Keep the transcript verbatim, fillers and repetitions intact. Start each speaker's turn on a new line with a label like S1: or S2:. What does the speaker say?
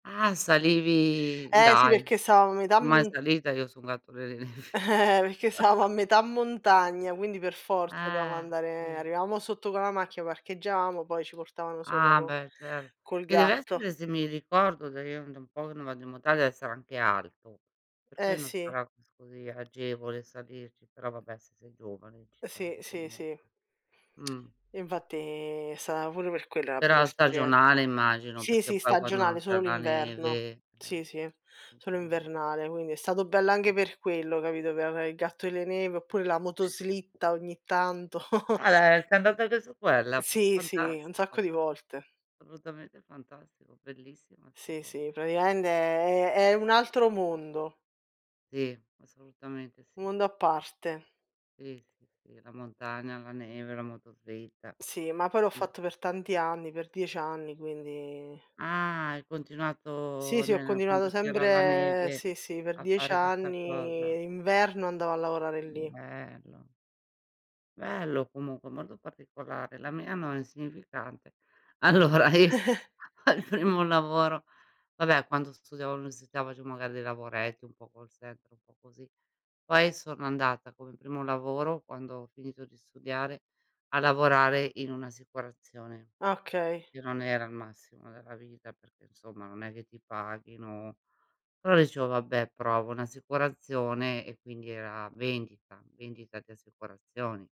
S1: Ah, salivi
S2: Eh, sì,
S1: dai.
S2: perché sava a metà
S1: Mai
S2: m
S1: salita io su un gatto delle nevi.
S2: Eh, perché savamo a metà montagna, quindi, per forza doveamo
S1: Eh,
S2: andare
S1: sì.
S2: arivamo sotto con la macchia, parcheaggiamo, poi ci portavano sopra
S1: Ah,
S2: co
S1: beh, cer
S2: col
S1: che
S2: gatto.
S1: dev'essere, se mi ricordo da io è da un po' che non vado in montagna, sarà anche alto, per
S2: Eh,
S1: cui non
S2: sì.
S1: sarà così agevole salirci. Però, vabbè, siete giovani, ci
S2: Sì,
S1: sali
S2: sì, sì.
S1: comunque. Mh.
S2: Infatti, è stata pure per quella la pu
S1: Però
S2: esperien
S1: stagionale, immagino,
S2: sì,
S1: perché
S2: sì,
S1: poi quando
S2: stagionale,
S1: non c'è
S2: solo
S1: la
S2: l'inverno.
S1: neve, eh
S2: Sì, sì, solo
S1: [unintelligible]
S2: invernale, quindi è stato bello
S1: Mh.
S2: anche per quello, capito, pe avè il gatto delle nevi oppure la motoslitta ogni tanto.
S1: Ah, le sei andata anche su quella? Fa
S2: Sì, sì, un sacco
S1: fantastico.
S2: di volte.
S1: solutamente fantastico. Bellissima 'sta
S2: Sì,
S1: cosa.
S2: sì, pratiamente è è è un altro mondo.
S1: Sì, assolutamente,
S2: u
S1: sì.
S2: mondo a parte.
S1: Sì, sì, sì, la montagna, la neve, la motoslitta.
S2: Sì, ma poi l'ho
S1: Sì.
S2: fatto per tanti anni, per diec anni, quindi
S1: Ah, hai
S2: Sì
S1: continuato
S2: sì, ho
S1: nel quando
S2: continuato
S1: c'era la
S2: sempre
S1: neve
S2: sì, sì, per
S1: a
S2: diec
S1: fare questa cosa.
S2: anni, inverno andavo a lavorare lì.
S1: Bello. Bello comunque, molto particolare. La mia no, è insignificante. Allora, io, al primo lavoro vabbè, quando studiavo all'università, facevo magari dei lavoretti, un po' call center, un po' così. Poi sono andata, come primo lavoro, quando ho finito di studiare, a lavorare in un'assicurazione,
S2: Okay.
S1: che non era il massimo della vita, perché, nsomma, non è che ti paghino però, dicevo: "Vabbè, provo un'assicurazione" e quindi era vendita, vendita di assicurazioni.